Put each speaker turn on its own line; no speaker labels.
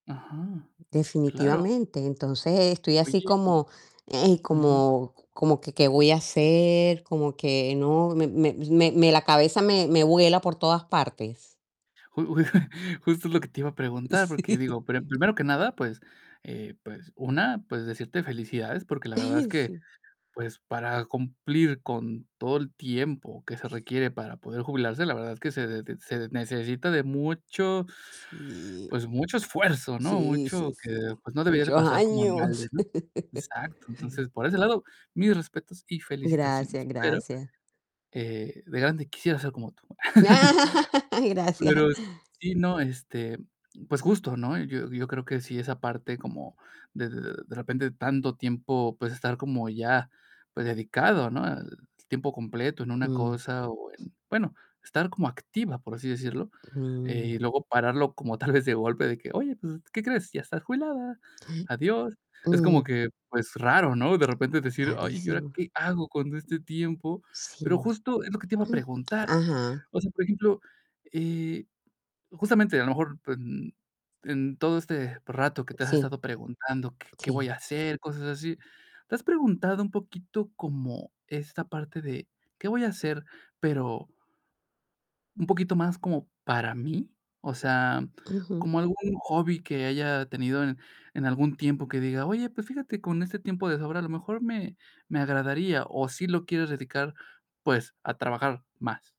Ajá, claro.
Definitivamente, entonces estoy así
Oye, y
como, ey,
Ujú.
como como, ¿que qué voy a hacer?, como que no me me me me la cabeza me me vuela por todas partes.
Ju ju justo es lo que te iba a preguntar, porque
Sí.
digo, per primero que nada, pues, eh, pues una, pues, decirte felicidades, porque la verdad es que,
Sí.
pues, para cumplir con todo el tiempo que se requiere para poder jubilarse, la verdad es que se de se necesita de mucho
Sí.
pues, mucho esfuerzo, ¿no?
Sí,
Mucho
sí,
que,
sí.
pues, no debería de
Muchos
pasar como en balde,
años.
¿no? Exacto Entonces, por ese lado, mis respetos y
Gracias,
felicitaciones, pero,
gracias.
eh, de grande quisiera ser como tú.
Gracias.
Pero, s sí, no, este, pues justo, ¿no? Yo yo creo que sí, esa parte como de de repente tanto tiempo, pues, estar como ya, pues dedicado, ¿no?, al tiempo completo en una
Mm.
cosa o en bueno, estar como activa, por así decirlo, eh,
Mm.
y luego pararlo como tal vez de golpe de que: "Oye, pues, ¿qué crees? Ya estás jubilada. Adiós". Es como
Ujú.
que, pues raro, ¿no? De repente decir: "Ay, ¿y ahora
Rarísimo.
qué hago con este tiempo?". Pero
Sí.
justo es lo que te iba a preguntar.
Ajá.
O sea, por ejemplo, eh, justamente, a lo mejor, pues, n en todo este rato que te has
Sí.
estado preguntando: "¿Qué qué voy
Sí.
a hacer?", cosas así. Te has preguntado, un poquito como esta parte de: "Qué voy a hacer?", pero "un poquito más como, para mí", o sea,
Ujú.
como algún hobby que haya tenido en en algún tiempo que diga: "Oye, pues, fíjate con este tiempo de sobra, a lo mejor me me agradaría", ¿o sí lo quieres dedicar, pues, a trabajar más?